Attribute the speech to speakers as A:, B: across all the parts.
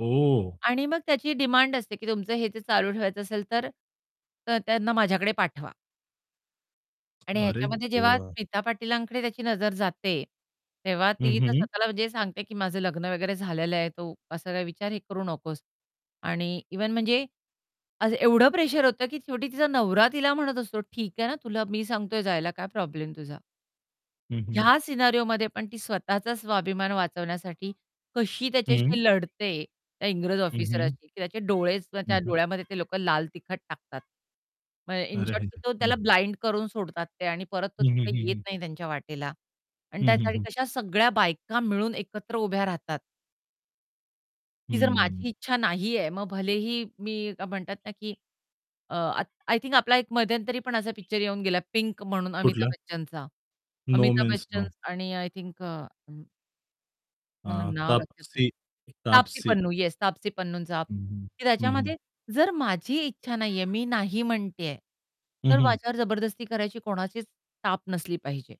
A: ओह!
B: आणि मग त्याची डिमांड असते की तुमचं हे जे चालू ठेवायचं असेल तर त्यांना माझ्याकडे पाठवा. आणि
A: अरे
B: ह्याच्यामध्ये जेव्हा
A: देवा!
B: स्मिता पाटीलांकडे त्याची नजर जाते तेव्हा
A: हं,
B: ती तर
A: हं.
B: स्वतःला जे सांगते की माझं लग्न वगैरे झालेलं आहे. तो असा काही विचार हे करू नकोस. आणि इव्हन म्हणजे आज एवढं प्रेशर होतं की शेवटी तिचा नवरा तिला म्हणत असतो, "ठीक आहे ना, तुला मी सांगतोय जायला. काय प्रॉब्लेम तुझा?"
A: हं, हं.
B: ह्या सिनेरिओमध्ये पण ती स्वतःचा स्वाभिमान वाचवण्यासाठी कशी
A: हं.
B: त्याच्याशी लढते. त्या इंग्रज
A: हं, हं.
B: ऑफिसरशी की त्याचे डोळे.
A: हं,
B: त्या
A: हं.
B: डोळ्यामध्ये ते लोक लाल तिखट टाकतात. म्हणजे इन
A: अरे!
B: शॉर्ट तो
A: [unintelligible] हं,
B: त्याला
A: हं.
B: ब्लाइंड करून सोडतात ते आणि परत तो
A: हं, हं,
B: काही
A: हं,
B: येत
A: हं.
B: नाही त्यांच्या वाटेला आणि
A: हं, हं,
B: त्यासाठी
A: हं.
B: कशा सगळ्या बायका मिळून एकत्र उभ्या राहतात. ती जर
A: हं.
B: माझी इच्छा नाहीये मग भलेही मी म्हणतात ना की, अ, आय थिंक आपला 1 मध्यंतरी पण असा पिक्चर येऊन गेला, पिंक म्हणून अमिताभ
A: कुठलं?
B: बच्चनचा.
A: No
B: Amitabh
A: means
B: Bachchan
A: no.
B: आणि आय थिंक अ मला
A: अ,
B: नाव लक्षात नाही.
A: तापसी,
B: तापसी
A: तापसी.
B: पन्नू येस तापसी पन्नूचा
A: हं, हं.
B: की
A: हं, हं.
B: त्याच्यामध्ये जर माझी इच्छा नाहीये, मी नाही म्हणतेय,
A: हं,
B: तर
A: हं.
B: माझ्यावर जबरदस्ती करायची कोणाचीच टाप नसली पाहिजे.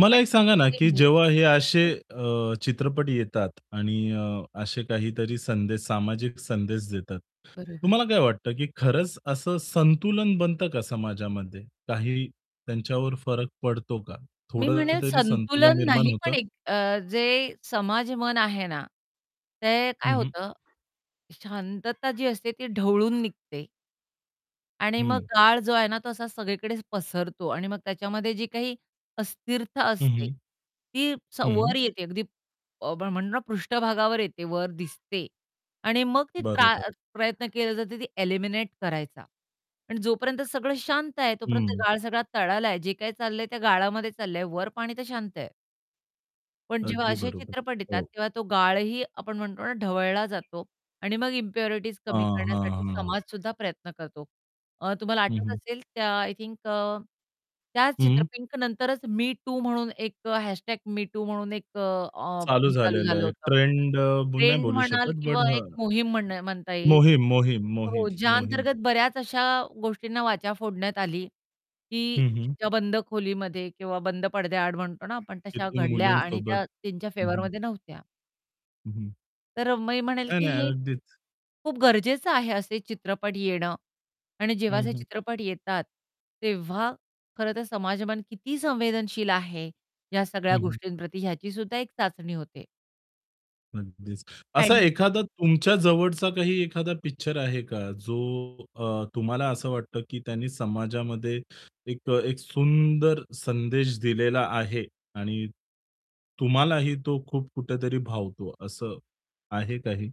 A: मला एक
B: आणि
A: सांगा ना की
B: [unintelligible]
A: जेव्हा हे असे
B: अ,
A: अ, चित्रपट येतात आणि अ, असे काहीतरी संदेश, सामाजिक संदेश देतात.
B: बरोबर.
A: तुम्हाला काय वाटतं की खरंच असं संतुलन बनतं का समाजामध्ये? काही त्यांच्यावर फरक पडतो का?
B: मी
A: थोडं
B: म्हणेल
A: तरी संतुलन
B: संतुलन
A: निर्माण
B: नाही
A: होतं?
B: पण एक अ, जे समाजमन आहे ना ते काय
A: हं, हं.
B: होतं, शांतता जी असते ती ढवळून निघते. आणि मग
A: हं.
B: गाळ जो आहे ना तो असा सगळीकडेचं पसरतो आणि मग त्याच्यामध्ये जी काही अस्थिरता
A: हं,
B: असते
A: हं.
B: ती स
A: हं.
B: वर येते. अगदी आपण म्हणतो ना पृष्ठभागावर येते, वर दिसते आणि मग ती त्रा
A: बरोबर.
B: प्रयत्न केले जाते ती एलिमिनेट करायचा. आणि जोपर्यंत सगळं शांत आहे तोपर्यंत
A: हं.
B: गाळ सगळा तळाला आहे. जे काही चाललंय त्या गाळामध्ये चाललंय. वर पाणी तर शांत आहे. पण जेव्हा
A: अगदी
B: असे
A: बरोबर.
B: चित्रपट येतात
A: हो.
B: तेव्हा तो गाळही आपण म्हणतो ना, ढवळला जातो आणि मग इम्प्युरिटीज कमी
A: हं,
B: करण्यासाठी
A: हं, हं.
B: समाजसुद्धा प्रयत्न करतो. अ, तुम्हाला
A: हं,
B: आठवत
A: हं.
B: असेल त्या आय थिंक अ, त्या चित्र
A: हं.
B: पिंक नंतरच मी टू म्हणून एक अ, # मी टू म्हणून एक अ,
A: चालू
B: हे चालू
A: झालेलं
B: झालं
A: आहे.
B: होतं.
A: ट्रेंड नाही
B: ट्रेंड
A: बोलू शकत.
B: म्हणाल
A: बट
B: किंवा
A: हां.
B: एक मोहीम म्हण म्हणता येईल.
A: मोहीम, मोहीम, मोहीम,
B: हो, ज्या
A: मोहीम.
B: अंतर्गत बऱ्याच अशा गोष्टींना वाचा फोडण्यात आली, की
A: हं, हं.
B: त्या बंद खोलीमध्ये किंवा बंद पडद्याआड म्हणतो ना आपण तशा
A: किती
B: घडल्या आणि
A: मुलींसोबत?
B: त्या त्यांच्या
A: हं, हं.
B: फेवरमध्ये नव्हत्या.
A: हं, हं.
B: तर अ, मी म्हणेल
A: नाही,
B: की
A: नाही,
B: हे,
A: अगदीच.
B: खूप गरजेचं आहे असे चित्रपट येणं आणि जेव्हा
A: हं,
B: असे
A: हं.
B: चित्रपट येतात, तेव्हा खरं तर समाजमन किती संवेदनशील आहे या सगळ्या
A: हं, हं.
B: गोष्टींप्रती ह्याचीसुद्धा एक चाचणी होते.
A: अगदीच. असा
B: [unintelligible]
A: एखादा तुमच्या जवळचा काही एखादा पिक्चर आहे का जो अ, तुम्हाला असं वाटतं की त्यांनी समाजामध्ये 1 सुंदर संदेश दिलेला आहे आणि तुम्हालाही तो खूप कुठेतरी भावतो असं आहे काही?